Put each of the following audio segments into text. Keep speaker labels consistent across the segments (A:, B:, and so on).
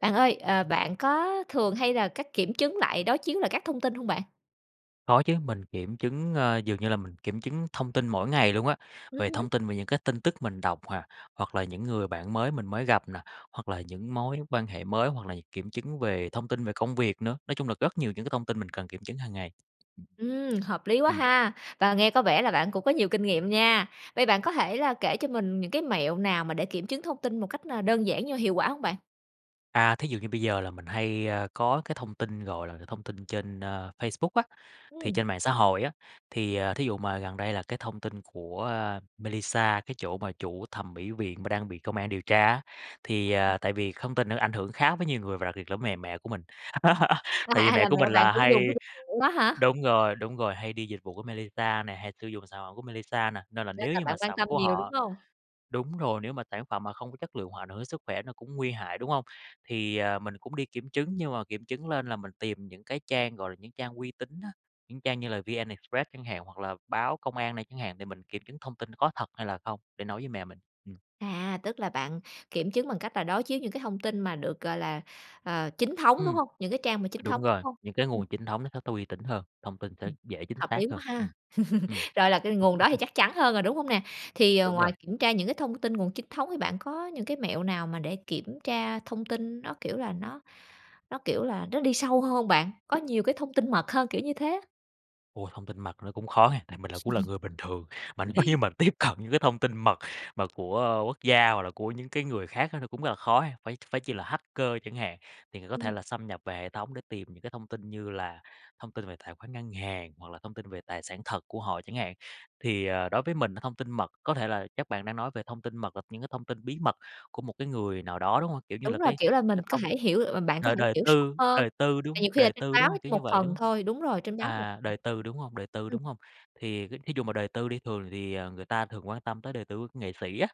A: Bạn ơi, ờ, bạn có thường hay là các kiểm chứng lại, đối chiếu lại các thông tin hông bạn?
B: Có chứ, mình kiểm chứng, ờ, dường như là mình kiểm chứng thông tin mỗi ngày luôn á,
A: Ừm
B: về
A: hứm.
B: thông tin về những cái tin tức mình đọc à, hoặc là những người bạn mới mình mới gặp nè, hoặc là những mối quan hệ mới, hoặc là những kiểm chứng về thông tin về công việc nữa, nói chung là rất nhiều những cái thông tin mình cần kiểm chứng hàng ngày.
A: Ừm, hợp lý quá
B: Ừm.
A: ha, và nghe có vẻ là bạn cũng có nhiều kinh nghiệm nha. Vậy bạn có thể là kể cho mình những cái mẹo nào mà để kiểm chứng thông tin một cách, ơ, đơn giản nhưng mà hiệu quả hông bạn?
B: À, thí dụ như bây giờ là mình hay, ơ, có cái thông tin, gọi là, thông tin trên, ơ, Facebook á, thì
A: Ừm.
B: trên mạng xã hội á, thì, ờ, thí dụ mà gần đây là cái thông tin của, a, Mailisa, cái chỗ mà chủ thầm mỹ viện mà đang bị công an điều tra á, thì, ờ, tại vì không tin là nó ảnh hưởng khá với nhiều người và đặc biệt là với mẹ mẹ của mình.
A: À,
B: Tại vì
A: à,
B: mẹ
A: là
B: của
A: mẹ
B: mình
A: bạn
B: là
A: cũng
B: hay
A: dùng cái dịch v đó hả?
B: đúng rồi, đúng rồi, hay đi dịch vụ của Mailisa nè, hay sử dụng sản phẩm của Mailisa nè, nên là
A: Nên
B: nếu
A: là
B: như
A: bạn
B: mà
A: quan
B: sản
A: tâm
B: của
A: nhiều, đúng
B: họ
A: hông?
B: đúng rồi, nếu mà sản phẩm mà không có chất lượng hoặc ảnh hưởng đến sức khỏe nó cũng nguy hại, đúng hông? Thì, à, mình cũng đi kiểm chứng nhưng mà kiểm chứng lên là mình tìm những cái trang, gọi là, những trang uy tín á, những trang như là VnExpress chẳng hạn, hoặc là báo công an này chẳng hạn thì mình kiểm chứng thông tin có thật hay là không để nói với mẹ mình, ừm.
A: À, tức là bạn kiểm chứng bằng cách là đối chiếu những cái thông tin mà được, gọi là, ờ, chính thống, đúng
B: Ừm.
A: hông? Những cái trang mà chính
B: Đúng
A: thống, đúng
B: rồi,
A: hông?
B: những cái
A: Ừm.
B: nguồn chính thống nó sẽ tu uy tín hơn, thông tin sẽ dễ chính
A: Hợp
B: xác
A: lý
B: hơn,
A: quá ha.
B: ừm, ừm.
A: Rồi là cái nguồn đó thì chắc chắn hơn rồi, đúng hông nè? Thì, ờ,
B: Đúng rồi.
A: ngoài kiểm tra những cái thông tin nguồn chính thống thì bạn có những cái mẹo nào mà để kiểm tra thông tin nó, kiểu là, nó nó, kiểu là, nó đi sâu hơn hông bạn? Có nhiều cái thông tin mật hơn, kiểu như thế á.
B: Ôi, thông tin mật thì nó cũng khó ha. Tại mình cũng là người bình thường, mà nếu như mà tiếp cận những cái thông tin mật mà của quốc gia hoặc là của những cái người khác á nó cũng rất là khó ha. Phải phải chi là hacker chẳng hạn, thì người có thể
A: Ừm.
B: là xâm nhập về hệ thống để tìm những cái thông tin như là thông tin về tài khoản ngân hàng, hoặc là thông tin về tài sản thật của họ chẳng hạn. Thì, ờ, đối với mình thông tin mật có thể là chắc bạn đang nói về thông tin mật là những cái thông tin bí mật của một cái người nào đó, đúng hông? Kiểu, như
A: Đúng
B: là
A: rồi,
B: cái
A: kiểu là, mình
B: cái
A: có
B: thông
A: thể hiểu bạn có
B: đời
A: thể
B: đời
A: hiểu sâu
B: tư
A: hơn.
B: đời tư, đúng
A: Tại
B: hông?
A: nhiều khi là
B: Đời
A: trên
B: tư,
A: báo
B: đúng hông?
A: chỉ
B: Kiểu như
A: một
B: vậy, đúng
A: phần
B: hông?
A: thôi đúng rồi, trên báo một.
B: À,
A: [unintelligible]
B: đời tư, đúng hông? Đời tư,
A: ừm.
B: đúng hông? Thì cái thí dụ mà đời tư đi thường thì người ta thường quan tâm tới đời tư của nghệ sĩ á,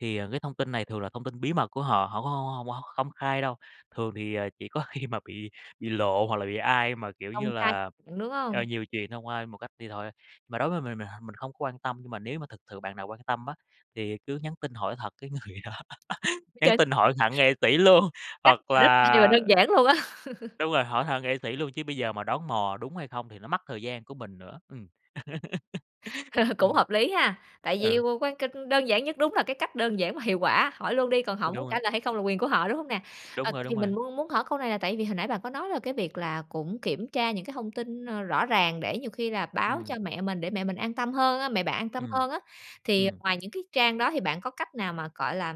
B: thì, ờ, cái thông tin này thường là thông tin bí mật của họ, họ cũng hông hông hông hông công khai đâu. Thường thì chỉ có khi mà bị bị lộ hoặc là bị ai mà, kiểu như
A: Công khai
B: là,
A: [unintelligible] đúng
B: à,
A: hông?
B: nhiều chuyện thông qua ai một cách đi thôi, ơ. Mà đối với mình mình h mình không quan tâm nhưng mà nếu mà thực sự bạn nào quan tâm á, thì cứ nhắn tin hỏi thật cái người đó, nhắn
A: [unintelligible]
B: tin hỏi thẳng nghệ sĩ luôn.
A: Cách
B: Hoặc
A: này rất là hay và
B: là
A: đơn giản luôn á.
B: đúng rồi, hỏi thẳng nghệ sĩ luôn chứ bây giờ mà đoán mò đúng hay không thì nó mất thời gian của mình nữa. Ừm.
A: Cũng
B: Ừm.
A: hợp lý ha! Tại vì
B: Ừ.
A: quan cạch đơn giản nhất, đúng là cái cách đơn giản mà hiệu quả. Hỏi luôn đi, còn họ
B: Ơ,
A: muốn
B: đúng
A: trả
B: rồi.
A: lời hay không là quyền của họ, đúng hông nè? Ờ,
B: Đúng rồi,
A: thì
B: đúng rồi.
A: mình muốn muốn hỏi câu này là tại vì hồi nãy bạn có nói là cái việc là cũng kiểm tra những cái thông tin, ơ, rõ ràng để nhiều khi là báo cho
B: Ừm.
A: mẹ mình, để mẹ mình an tâm hơn á mẹ bạn an tâm
B: Ừm,
A: hơn á. Thì
B: ừm.
A: ngoài những cái trang đó thì bạn có cách nào mà, gọi là,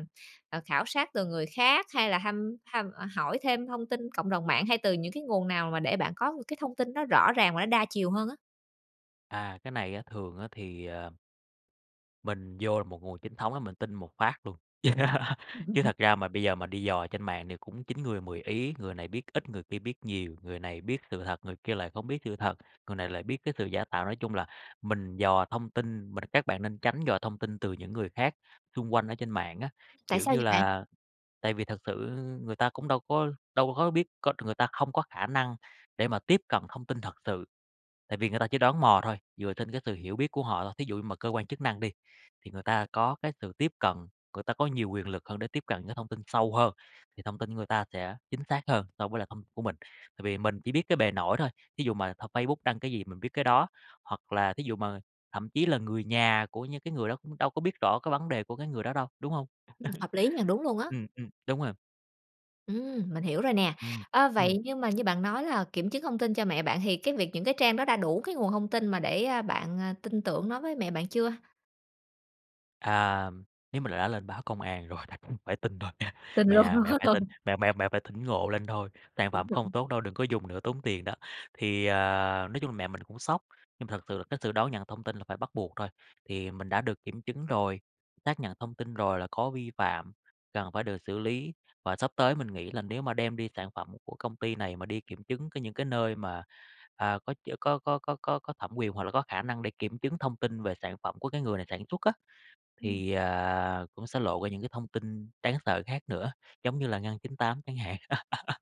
A: ờ, khảo sát từ người khác hay là thăm thăm ờ, hỏi thêm thông tin cộng đồng mạng hay từ những cái nguồn nào mà để bạn có cái thông tin đó rõ ràng và đa chiều hơn á?
B: À, cái này á thường á thì, ờ mình vô được một nguồn chính thống là mình tin một phát luôn. Chứ thật ra mà bây giờ mà đi dò trên mạng thì cũng chín người mười ý, người này biết ít người kia biết nhiều, người này biết sự thật, người kia lại không biết sự thật, người này lại biết cái sự giả tạo, nói chung là mình dò thông tin mình các bạn nên tránh dò thông tin từ những người khác xung quanh ở trên mạng á.
A: Tại
B: Kiểu
A: sao
B: như
A: vậy bạn?
B: là tại vì thật sự người ta cũng đâu có đâu có biết có người ta không có khả năng để mà tiếp cận thông tin thật sự, tại vì người ta chỉ đoán mò thôi, dựa trên cái sự hiểu biết của họ thôi. Thí dụ như mà cơ quan chức năng đi, thì người ta có cái sự tiếp cận, người ta có nhiều quyền lực hơn để tiếp cận những thông tin sâu hơn, thì thông tin người ta sẽ chính xác hơn so với lại thông t của mình. Tại vì mình chỉ biết cái bề nổi thôi, thí dụ mà thằng Facebook đăng cái gì mình biết cái đó, hoặc là thí dụ mà thậm chí là người nhà của những cái người đó cũng đâu có biết rõ cái vấn đề của cái người đó đâu, đúng hông?
A: Ừm, hợp lý nha, đúng luôn á!
B: Ừm, ừm, đúng rồi.
A: Ừm, mình hiểu rồi nè!
B: Ừm.
A: Ờ,
B: Ừm.
A: vậy nhưng mà như bạn nói là kiểm chứng thông tin cho mẹ bạn thì cái việc những cái trang đó đã đủ cái nguồn thông tin mà để, a, bạn, ờ, tin tưởng nói với mẹ bạn chưa?
B: "À, nếu mà đã lên báo công an rồi đành phải tin thôi mẹ
A: Tình
B: mẹ
A: luôn.
B: à, mẹ phải tin, mẹ mẹ mẹ phải tỉnh ngộ lên thôi, sản
A: Bình
B: phẩm không
A: thường.
B: tốt đâu, đừng có dùng nữa tốn tiền đó." Thì, ờ, nói chung là mẹ mình cũng sốc nhưng mà thật sự là cái sự đón nhận thông tin là phải bắt buộc thôi. Thì mình đã được kiểm chứng rồi, xác nhận thông tin rồi là có vi phạm cần phải được xử lý. Và sắp tới mình nghĩ là nếu mà đem đi sản phẩm của công ty này mà đi kiểm chứng những cái nơi mà, à, có ch có có có có có thẩm quyền hoặc là có khả năng để kiểm chứng thông tin về sản phẩm của cái người này sản xuất á,
A: Ừm.
B: thì, à, cũng sẽ lộ ra những cái thông tin đáng sợ khác nữa giống như là Ngân 98 chẳng hạn.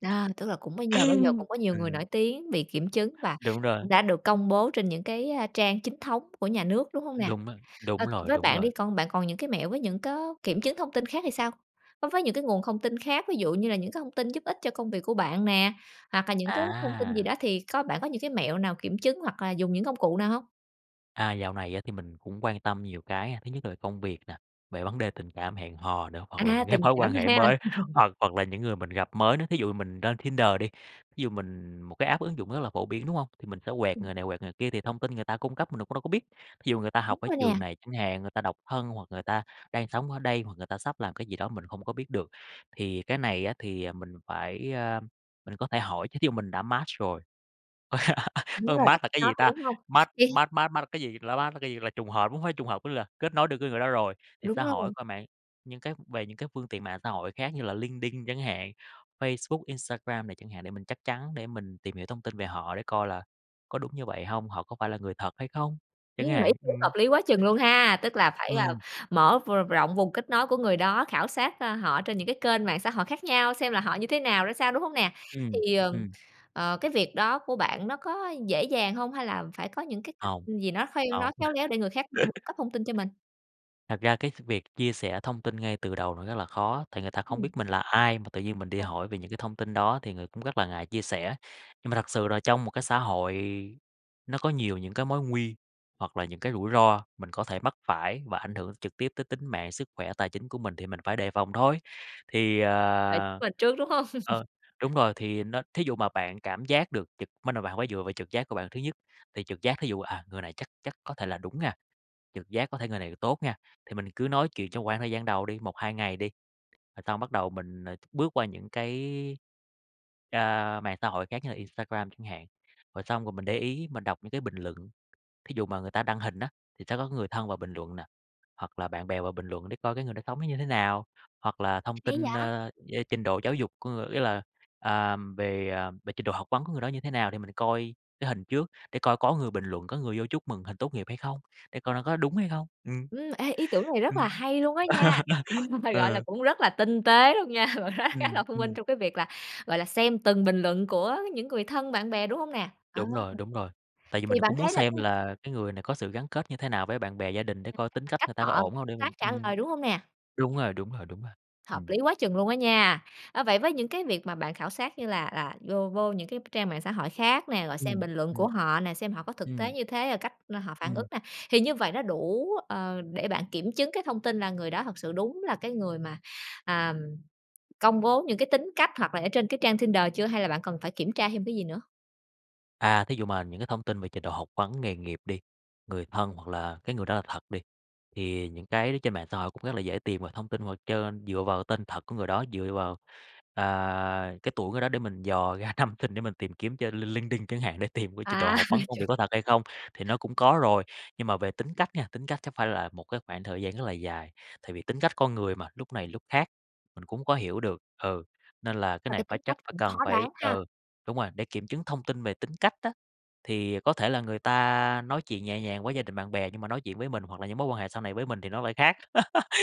A: Đó, tức là cũng bây giờ bây giờ cũng có nhiều người
B: Ừm.
A: nổi tiếng bị kiểm chứng và
B: Đúng rồi.
A: cũng đã được công bố trên những cái, a, trang chính thống của nhà nước, đúng hông nè?
B: Đúng rồi, đúng
A: Ờ,
B: rồi,
A: với
B: đúng
A: bạn
B: rồi.
A: đi, còn bạn còn những cái mẹo với những có kiểm chứng thông tin khác thì sao? Ơ, với những cái nguồn thông tin khác ví dụ như là những cái thông tin giúp ích cho công việc của bạn nè, hoặc là những cái thông tin gì
B: À.
A: đó thì có bạn có những cái mẹo nào kiểm chứng hoặc là dùng những công cụ nào hông?
B: À, dạo này á thì mình cũng quan tâm nhiều cái ha. Thứ nhất là công việc nè, về vấn đề tình cảm, hẹn hò nữa, hoặc là
A: À,
B: những cái
A: tình
B: mối quan
A: cảm
B: hệ
A: ha.
B: mới, hoặc hoặc là những người mình gặp mới nữa. Thí dụ mình lên Tinder đi, ví dụ mình một cái app ứng dụng rất là phổ biến, đúng hông? Thì mình sẽ quẹt
A: Ừm.
B: người này, quẹt người kia, thì thông tin người ta cung cấp mình cũng đâu có biết. Thí dụ người ta
A: Đúng
B: học ở
A: rồi nè.
B: trường này chẳng hạn, người ta độc thân hoặc người ta đang sống ở đây hoặc người ta sắp làm cái gì đó mình không có biết được. Thì cái này á thì mình phải, ơ, mình có thể hỏi chứ thí dụ mình đã match rồi,
A: Đúng
B: ơ,
A: rồi
B: match là cái gì
A: [unintelligible]
B: ta?
A: đúng hông?
B: match
A: Cái
B: match match match là cái gì? Là Match là cái gì? Là trùng hợp hông phải trùng hợp có nghĩa là kết nối được cái người đó rồi. Thì
A: Đúng
B: xã hội
A: rồi.
B: coi mạng những cái về những cái phương tiện mạng xã hội khác như là LinkedIn chẳng hạn, Facebook, Instagram này chẳng hạn để mình chắc chắn để mình tìm hiểu thông tin về họ để coi là có đúng như vậy hông, họ có phải là người thật hay không
A: Ừm,
B: chẳng
A: [unintelligible]
B: hạn.
A: cũng hợp
B: Ừm.
A: lý quá chừng luôn ha. Tức là phải, à,
B: Ừm.
A: mở v rộng vùng kết nối của người đó, khảo sát, ơ, họ trên những cái kênh mạng xã hội khác nhau xem là họ như thế nào, ra sao, đúng hông nè?
B: Ừm,
A: Thì, ừm,
B: ừm.
A: ờ, cái việc đó của bạn nó có dễ dàng hông? Hay là phải có những cái cách
B: Hông,
A: gì nó kheo nói
B: hông.
A: khéo léo để người khác phải cung cấp thông tin cho mình?
B: Thật ra cái s việc chia sẻ thông tin ngay từ đầu nó rất là khó, tại người ta không
A: Ừm.
B: biết mình là ai mà tự nhiên mình đi
A: Ồ.
B: hỏi về những cái thông tin đó thì người cũng rất là ngại chia sẻ. Nhưng mà thật sự là trong một cái xã hội nó có nhiều những cái mối nguy hoặc là những cái rủi ro mình có thể mắc phải và ảnh hưởng trực tiếp tới tính mạng, sức khỏe, tài chính của mình thì mình phải đề phòng thôi. Thì, ờ
A: [unintelligible] Trước, đúng hông?
B: ờ, đúng rồi, thì nó thí dụ mà bạn cảm giác được trực mới đầu bạn phải dựa vào trực giác của bạn thứ nhất. Thì trực giác thí dụ, à, người này chắc chắc có thể là đúng nha, trực giác có thể người này tốt nha, thì mình cứ nói chuyện trong quãng thời gian đầu đi, 1-2 ngày đi rồi xong bắt đầu mình, ờ, bước qua những cái, a, mạng xã hội khác như là Instagram chẳng hạn. Rồi xong rồi mình để ý mình đọc những cái bình luận, thí dụ mà người ta đăng hình á, thì sẽ có người thân vào bình luận nà, hoặc là bạn bè vào bình luận để coi cái người đó sống nó như thế nào. Hoặc là thông
A: Hay
B: tin,
A: vậy?
B: ơ, yeah, trình độ giáo dục của người ý là, à, về, à, về trình độ học vấn của người đó như thế nào, để mình coi cái hình trước, để coi có người bình luận, có người vô chúc mừng hình tốt nghiệp hay không, để coi nó có đúng hay không. Ừm.
A: Ừm, ê, ý tưởng này rất là
B: Ừm.
A: hay luôn á nha, gọi là,
B: Ờ.
A: cũng rất là tinh tế luôn nha, bạn nói khá
B: Ừm,
A: là thông minh
B: ừm.
A: trong cái việc là, gọi là, xem từng bình luận của những người thân, bạn bè, đúng hông nè? Ờ.
B: Đúng rồi, đúng rồi. Tại vì mình
A: Thì bạn
B: cũng muốn
A: thấy là
B: xem
A: cái
B: là cái người này có sự gắn kết như thế nào với bạn bè gia đình để
A: Nhìn
B: coi
A: cách
B: tính
A: mà
B: cách
A: cách
B: người ta có
A: họ
B: ổn hông
A: tương
B: để mình
A: tác, trả
B: ừm.
A: lời, đúng hông nè?
B: Đúng rồi, đúng rồi, đúng rồi,
A: Hợp
B: ừm.
A: lý quá chừng luôn á nha. Ờ, vậy với những cái việc mà bạn khảo sát như là là vô vô những cái trang mạng xã hội khác nè, rồi xem
B: Ừm,
A: bình luận của
B: ừm.
A: họ nè, xem họ có thực tế
B: Ừm.
A: như thế, ờ, cách họ phản ứng
B: Ừm.
A: nè, thì như vậy nó đủ, ờ, để bạn kiểm chứng cái thông tin, là người đó thật sự đúng là cái người mà, à, công bố những cái tính cách hoặc là ở trên cái trang Tinder chưa? Hay là bạn cần phải kiểm tra thêm cái gì nữa?
B: À, thí dụ mà những cái thông tin về trình độ học vấn, nghề nghiệp đi, người thân, hoặc là cái người đó là thật đi, thì những cái ở trên mạng xã hội cũng rất là dễ tìm về thông tin, hoặc trên dựa vào tên thật của người đó, dựa vào, à, cái tuổi người đó để mình dò ra năm sinh để mình tìm kiếm trên LinkedIn chẳng hạn, để tìm cái trình độ
A: À,
B: học
A: nghe
B: vấn công việc
A: chừng
B: có thật hay không, thì nó cũng có rồi. Nhưng mà về tính cách nha, tính cách chắc phải là một cái khoảng thời gian rất là dài, tại vì tính cách con người mà, lúc này lúc khác, mình cũng có hiểu được ừ, nên là cái
A: Mà
B: này
A: cái
B: phải
A: tính cách
B: chắc phải
A: cũng
B: cần
A: khó đoán
B: phải
A: ha.
B: ừ, đúng rồi, để kiểm chứng thông tin về tính cách á. Thì có thể là người ta nói chuyện nhẹ nhàng với gia đình bạn bè, nhưng mà nói chuyện với mình hoặc là những mối quan hệ sau này với mình thì nó lại khác,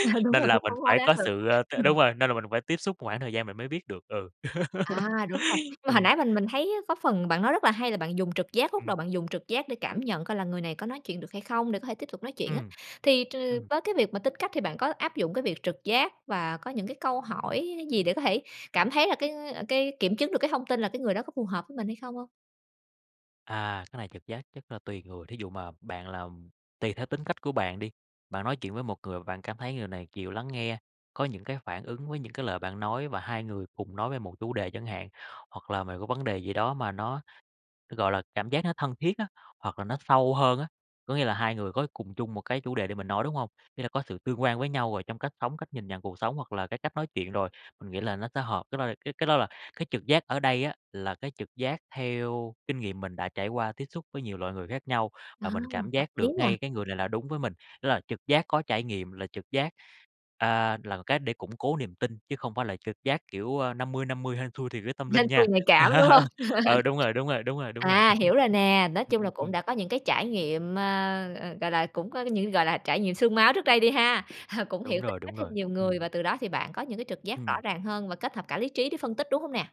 A: Ờ, đúng
B: nên
A: rồi, khó
B: là mình
A: khó khó
B: phải
A: đoán
B: có
A: được.
B: sự, ơ, t
A: Ừm.
B: đúng rồi, nên là mình phải tiếp xúc một khoảng thời gian mình mới biết được, ừ.
A: À, đúng rồi! Nhưng mà hồi
B: Ừm.
A: nãy mình mình thấy á có phần bạn nói rất là hay, là bạn dùng trực giác lúc đầu
B: Ừm.
A: bạn dùng trực giác để cảm nhận coi là người này có nói chuyện được hay không, để có thể tiếp tục nói chuyện á,
B: Ừm.
A: thì t
B: Ừm.
A: với cái việc mà tính cách thì bạn có áp dụng cái việc trực giác và có những cái câu hỏi gì để có thể cảm thấy là cái cái kiểm chứng được cái thông tin là cái người đó có phù hợp với mình hay không hông?
B: À, cái này trực giác chắc là tùy người. Thí dụ mà bạn là, ừm tùy theo tính cách của bạn đi, bạn nói chuyện với một người mà bạn cảm thấy người này chịu lắng nghe, có những cái phản ứng với những cái lời bạn nói và hai người cùng nói về một chủ đề chẳng hạn. Hoặc là mày có vấn đề gì đó mà nó, gọi là, cảm giác nó thân thiết á, hoặc là nó sâu hơn á, có nghĩa là hai người có cùng chung một cái chủ đề để mình nói, đúng hông? Ý là có sự tương quan với nhau rồi trong cách sống, cách nhìn nhận cuộc sống hoặc là cái cách nói chuyện rồi, mình nghĩ là nó sẽ hợp. Cái đó là cái cái đó là cái trực giác ở đây á, là cái trực giác theo kinh nghiệm mình đã trải qua tiếp xúc với nhiều loại người khác nhau,
A: Ờ,
B: và mình cảm
A: hợp
B: giác
A: lý
B: được
A: nè.
B: ngay cái người này là đúng với mình. Tức là trực giác có trải nghiệm là trực giác, à, là một cách để củng cố niềm tin, chứ không phải là trực giác, kiểu, a, 50-50 hên xui thì đó tâm
A: Hên
B: linh
A: xui
B: nha.
A: nhạy cảm, đúng hông?
B: Ờ, đúng rồi, đúng rồi, đúng rồi, đúng rồi.
A: À, hiểu rồi nè. Nói
B: Ừm,
A: chung là
B: ừm,
A: cũng
B: ừm.
A: đã có những cái trải nghiệm, ơ, ờ, gọi là, cũng có cái những, gọi là, trải nghiệm xương máu trước đây đi ha, cũng hiểu
B: Đúng
A: tính
B: rồi,
A: cách
B: đúng
A: thêm
B: rồi.
A: nhiều người,
B: Ừm.
A: và từ đó thì bạn có những cái trực giác rõ
B: Ừm.
A: ràng hơn và kết hợp cả lý trí để phân tích, đúng hông nè?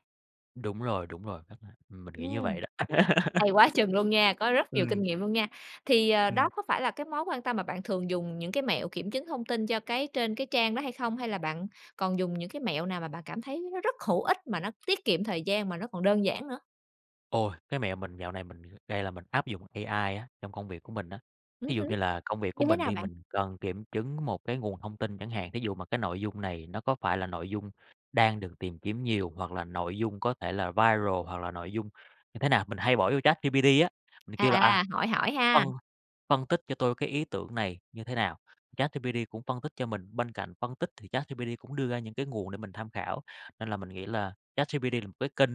B: Đúng rồi, đúng rồi. A, ừm, mình nghĩ như
A: Ừm.
B: vậy đó.
A: Hay quá chừng luôn nha, có rất nhiều kinh
B: Ừm.
A: nghiệm luôn nha. Thì, à, đó
B: Ừm.
A: có phải là cái mối quan tâm mà bạn thường dùng những cái mẹo kiểm chứng thông tin cho cái trên cái trang đó hay không? Hay là bạn còn dùng những cái mẹo nào mà bạn cảm thấy nó rất hữu ích, mà nó tiết kiệm thời gian, mà nó còn đơn giản nữa?
B: Ôi! Cái mẹo mình dạo này mình đây là mình áp dụng AI á trong công việc của mình á.
A: Ừm
B: Thí
A: hứ.
B: dụ như là công việc của
A: Như thế
B: mình
A: nào
B: đi,
A: bạn?
B: mình cần kiểm chứng một cái nguồn thông tin chẳng hạn, thí dụ mà cái nội dung này nó có phải là nội dung đang được tìm kiếm nhiều hoặc là nội dung có thể là viral hoặc là nội dung như thế nào, mình hay bỏ vô ChatGPT á, mình kêu là, à,
A: À, hỏi hỏi
B: phân
A: ha?
B: phân tích cho tôi cái ý tưởng này như thế nào, ChatGPT cũng phân tích cho mình. Bên cạnh phân tích thì ChatGPT cũng đưa ra những cái nguồn để mình tham khảo, nên là mình nghĩ là ChatGPT là một cái kênh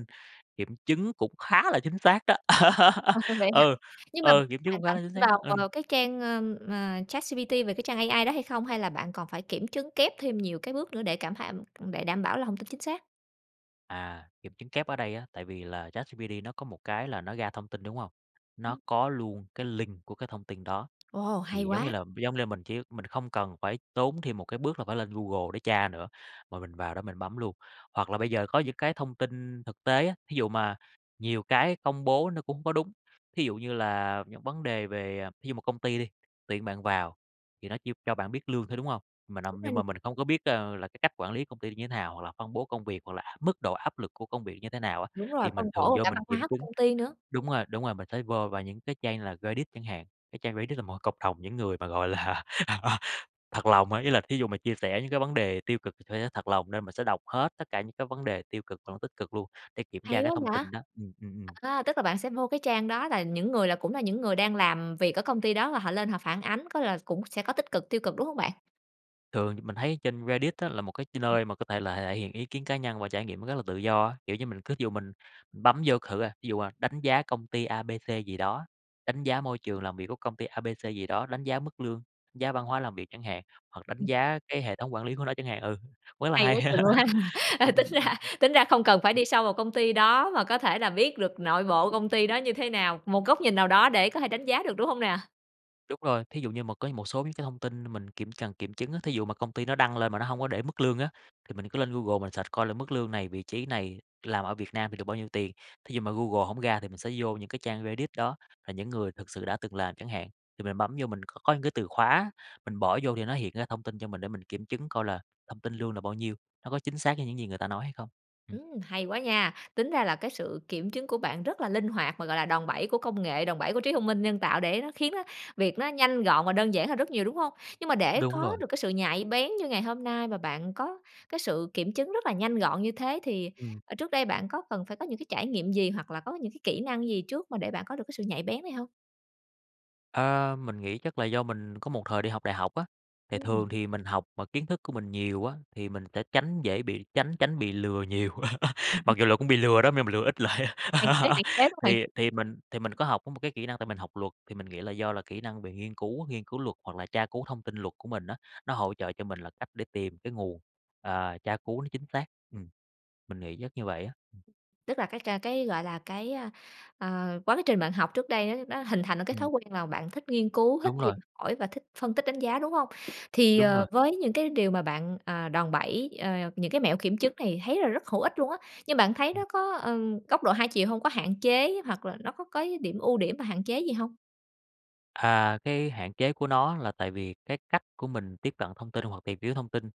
B: kiểm chứng cũng khá là chính xác đó.
A: Ờ, vậy hả?
B: Ừ,
A: Nhưng mà
B: ừ, kiểm chứng
A: hoàn
B: cũng khá
A: toàn
B: là
A: tin
B: chính xác đó,
A: vào,
B: ừm.
A: ờ, cái trang, ờ, ờ, ChatGPT về cái trang AI đó hay không? Hay là bạn còn phải kiểm chứng kép thêm nhiều cái bước nữa để cảm tham để đảm bảo là thông tin chính xác?
B: À, kiểm chứng kép ở đây á, tại vì là ChatGPT nó có một cái là nó ra thông tin, đúng không? Nó có luôn cái link của cái thông tin đó,
A: Ồ, hay
B: thì giống như
A: quá!
B: là giống lê mình chỉ mình không cần phải tốn thêm một cái bước là phải lên Google để tra nữa, mà mình vào đó mình bấm luôn. Hoặc là bây giờ có những cái thông tin thực tế á, thí dụ mà nhiều cái công bố nó cũng có đúng, thí dụ như là những vấn đề về thí dụ một công ty đi, tuyển bạn vào thì nó chỉ cho bạn biết lương thôi, đúng hông? Mình âm
A: Đúng rồi
B: nhưng
A: n
B: mà mình không có biết, à, là cái cách quản lý công ty như thế nào hoặc là phân bố công việc, hoặc là mức độ áp lực của công việc như thế nào á,
A: Đúng rồi,
B: thì mình
A: phân
B: thường
A: bổ và
B: vô
A: cả
B: mình
A: văn
B: kiểm
A: hóa của
B: chứng.
A: công ty nữa.
B: Đúng rồi, đúng rồi, mình phải vô vào những cái trang như là Reddit chẳng hạn, cái trang Reddit là một cái cộng đồng những người mà, gọi là, thật lòng á, ý là thí dụ mà chia sẻ những cái vấn đề tiêu cực sẽ rất thật lòng nên mình sẽ đọc hết tất cả những cái vấn đề tiêu cực hoặc là tích cực luôn để kiểm tra
A: Hay
B: cái
A: quá
B: thông
A: vậy!
B: tin đó ừm, ừm, ừm.
A: À, tức là bạn sẽ vô cái trang đó là những người là cũng là những người đang làm việc ở công ty đó và họ lên họ phản ánh, có là s cũng sẽ có tích cực, tiêu cực, đúng hông bạn?
B: Thường thì mình thấy trên Reddit á là một cái ch nơi mà có thể là thể hiện ý kiến cá nhân và trải nghiệm nó rất là tự do á. Kiểu như, mình cứ ví dụ mình bấm vô c thử à, ví dụ, à, đánh giá công ty A, B, C gì đó, đánh giá môi trường làm việc của công ty A,B, C gì đó, đánh giá mức lương, giá văn hóa làm việc chẳng hạn, hoặc đánh giá cái hệ thống quản lý của nó chẳng hạn ừ, cũng rất là
A: Hay
B: hay.
A: quá chừng luôn há. Ờ,
B: Ừm,
A: tính
B: ừm, ừm,
A: ra tính ra không cần phải
B: ừm.
A: đi sâu vào công ty đó mà có thể là biết được nội bộ công ty đó như thế nào, một góc nhìn nào đó để có thể đánh giá được, đúng hông nè?
B: Đúng rồi, thí dụ như mà cái một số những cái thông tin mình kiểm cần kiểm chứng á, thí dụ mà công ty nó đăng lên mà nó hông có để mức lương á, thì mình cứ lên Google mình search coi là mức lương này, vị trí này, làm ở Việt Nam thì được bao nhiêu tiền. Thí dụ mà Google hổng ra thì mình sẽ vô những cái trang Reddit đó, là những người thực sự đã từng làm chẳng hạn, thì mình bấm vô mình c có những cái từ khóa, mình bỏ vô thì nó hiện ra thông tin cho mình để mình kiểm chứng coi là thông tin lương là bao nhiêu, nó có chính xác với những gì người ta nói hay không? Ừm.
A: Ừm, hay quá nha. Tính ra là cái sự kiểm chứng của bạn rất là linh hoạt mà, gọi là, đòn bẩy của công nghệ, đòn bẩy của trí thông minh nhân tạo để nó khiến á, việc nó nhanh gọn và đơn giản hơn rất nhiều, đúng hông? Nhưng mà để
B: Đúng
A: có
B: rồi.
A: được cái sự nhạy bén như ngày hôm nay và bạn có cái sự kiểm chứng rất là nhanh gọn như thế thì,
B: Ừm.
A: ờ, trước đây bạn có cần phải có những cái trải nghiệm gì, hoặc là có những cái kỹ năng gì trước mà để bạn có được cái sự nhạy bén này hông?
B: Ờ, mình nghĩ chắc là do mình có một thời đi học đại học á, thì
A: Ừm.
B: thường thì mình học mà kiến thức của mình nhiều á, thì mình sẽ tránh dễ bị tránh tránh bị lừa nhiều
A: Ừm
B: mặc
A: hứm.
B: dù là cũng bị lừa đó m nhưng mà lừa ít lại.
A: Hạn chế, hạn chế, đúng hông bạn?
B: Thì thì mình thì mình có học có một cái kỹ năng, tại mình học luật thì mình nghĩ là do là kỹ năng bị nghiên cứu, nghiên cứu luật hoặc là tra cứu thông tin luật của mình á, nó hỗ trợ cho mình là cách để tìm cái nguồn, ờ, tra cứu nó chính xác, ừm. Mình nghĩ chắc như vậy á.
A: Tức là cái c cái, gọi là, cái, a, ờ, quá trình bạn học trước đây á, nó hình thành nên cái thói
B: Ừm.
A: quen là bạn thích nghiên cứu, thích
B: Đúng
A: tìm
B: rồi.
A: hỏi và thích phân tích đánh giá, đúng hông? Thì,
B: Đúng
A: ờ,
B: rồi.
A: với những cái điều mà bạn, à, đòn bẩy, ờ, những cái mẹo kiểm chứng này, thấy là rất hữu ích luôn á. Nhưng bạn thấy
B: Ừm.
A: nó có, ừm, góc độ hai chiều hông? Có hạn chế hoặc là nó có cái điểm ưu điểm và hạn chế gì hông?
B: À, cái hạn chế của nó là tại vì cái cách của mình tiếp cận thông tin hoặc tìm hiểu thông tin,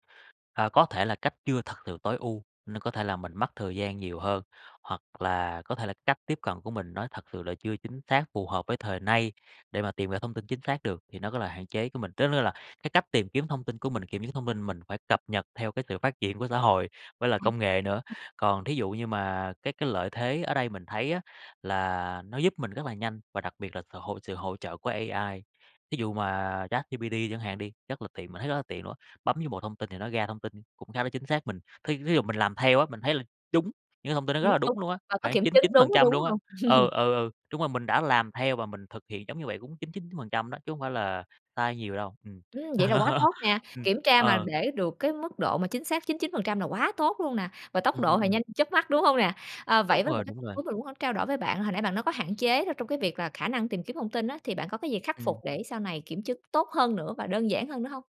B: ờ, có thể là cách chưa thật sự tối ưu, nên có thể là mình mất thời gian nhiều hơn. Hoặc là có thể là cách tiếp cận của mình nó thật sự là chưa chính xác, phù hợp với thời nay để mà tìm ra thông tin chính xác được, thì nó có là hạn chế của mình. Tức tức là cái cách tìm kiếm thông tin của mình, kiểm chứng thông tin mình phải cập nhật theo cái sự phát triển của xã hội với lại
A: À.
B: công nghệ nữa,
A: Ừm.
B: còn thí dụ như mà cái cái lợi thế ở đây mình thấy á, là nó giúp mình rất là nhanh và đặc biệt là sự hỗ sự hỗ trợ hỗ trợ của AI. Thí dụ mà ChatGPT chẳng hạn đi, rất là tiện, mình thấy rất là tiện luôn, bấm vô một thông tin thì nó ra thông tin cũng khá là chính xác, mình, thí thí dụ mình làm theo á, mình thấy là trúng, những thông tin nó rất
A: Đúng,
B: là
A: đúng,
B: đúng luôn á,
A: và có
B: khoảng
A: kiểm
B: chín
A: chứng,
B: chín
A: đúng
B: phần trăm
A: đúng
B: luôn á.
A: hông?
B: Ừ, ừ, ừ, đúng rồi, mình đã làm theo và mình thực hiện giống như vậy cũng 99% đó, chứ không phải là sai nhiều đâu, ừm.
A: Ừm, vậy là quá tốt nè,
B: Ừm,
A: kiểm tra mà
B: ờ.
A: để được cái mức độ mà chính xác 99% là quá tốt luôn nè, và tốc
B: Ừm,
A: độ
B: ừm,
A: thì
B: ừm.
A: nhanh chớp mắt, đúng hông nè? Ờ,
B: Đúng
A: vậy với một
B: rồi,
A: cái
B: đúng rồi.
A: muốn mình muốn h trao đổi với bạn, hồi nãy bạn nói có hạn chế trong cái việc là khả năng tìm kiếm thông tin á, thì bạn có cái gì khắc phục
B: Ừm.
A: để sau này kiểm chứng tốt hơn nữa và đơn giản hơn nữa hông?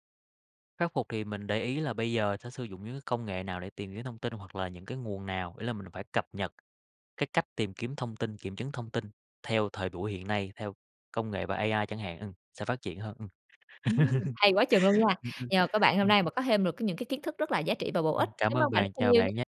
B: Khắc phục thì mình để ý là bây giờ sẽ sử dụng những cái công nghệ nào để tìm kiếm thông tin hoặc là những cái nguồn nào, ý là mình phải cập nhật cái cách tìm kiếm thông tin, kiểm chứng thông tin theo thời buổi hiện nay, theo công nghệ và AI chẳng hạn, ừm, sẽ phát triển hơn, ừm.
A: Ừm. Hay quá chừng luôn nha!
B: Ừm, ừm.
A: Nhờ có bạn hôm
B: Ừm.
A: nay mà có thêm được cái những cái kiến thức rất là giá trị và bổ ích.
B: Ừm, cảm
A: Cảm ơn
B: ơn
A: bạn rất
B: bạn.
A: là
B: Chào
A: nhiều nha!
B: bạn nha!